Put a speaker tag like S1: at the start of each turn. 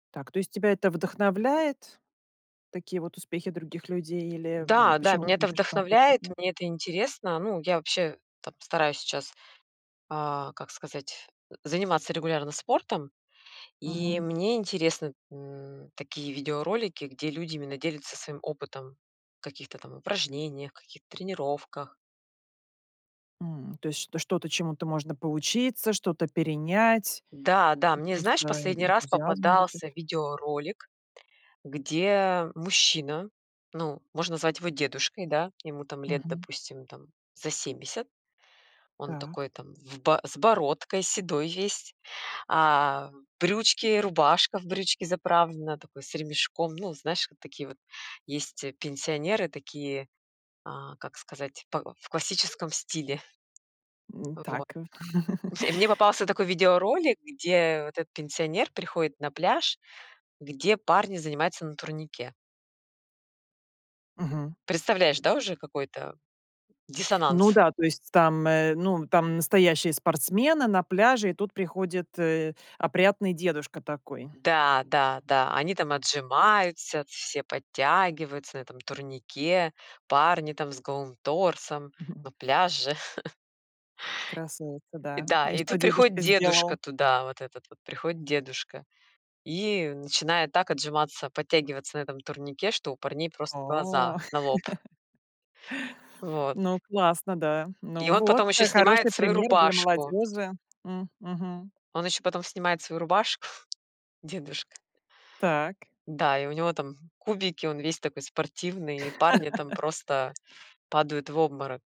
S1: Так, то есть тебя это вдохновляет, такие вот успехи других людей? Или
S2: Да, да,
S1: почему
S2: меня
S1: ты
S2: это
S1: любишь
S2: вдохновляет,
S1: смотреть? [unintelligible]
S2: мне это интересно. Ну, я вообще там стараюсь сейчас, а, как сказать, заниматься регулярно спортом. И
S1: Мгм.
S2: мне интересны н такие видеоролики, где люди именно делятся своим опытом в каких-то там упражнениях, каких-то тренировках.
S1: М, то есть что что-то, чему-то можно поучиться, что-то перенять?
S2: Да, да, мне, знаешь,
S1: [unintelligible]
S2: последний раз
S1: Энтузиазм будет.
S2: попадался видеоролик, где мужчина, ну, можно звать его дедушкой, да, ему там лет,
S1: Мгм.
S2: допустим, там за семьдесят, он
S1: Так.
S2: такой там в бо с бородкой, седой весь. А, брючки, рубашка в брючки заправлена, такой с ремешком, ну, знаешь, вот такие вот есть пенсионеры такие, а, как сказать, па в классическом стиле.
S1: М,
S2: Вот.
S1: так.
S2: И мне попался такой видеоролик, где вот этот пенсионер приходит на пляж, где парни занимаются на турнике.
S1: Мгм.
S2: Представляешь, да, уже какой это
S1: Ну
S2: диссонанс?
S1: да, то есть там, э, ну, там настоящие спортсмены на пляже, и тут приходит, э, опрятный дедушка такой.
S2: Да, да, да, они там отжимаются, все подтягиваются на этом турнике, парни там с голым торсом,
S1: Мгм.
S2: ну, пляж же.
S1: Красуются, да.
S2: Да,
S1: И
S2: и
S1: что
S2: тут приходит
S1: дедушка
S2: дедушка
S1: сделал?
S2: туда, вот этот вот, приходит дедушка, и начинает так отжиматься, подтягиваться на этом турнике, что у парней просто глаза
S1: О.
S2: на лоб. Вот.
S1: Ну, классно, да.
S2: И
S1: Ну
S2: он
S1: вот,
S2: потом ещё снимает
S1: хороший
S2: свою
S1: пример для
S2: рубашку.
S1: молодёжи. М, мгм.
S2: Он ещё потом снимает свою рубашку, дедушка
S1: Так.
S2: Да, и у него там кубики, он весь такой спортивный, и парни там просто падают в обморок.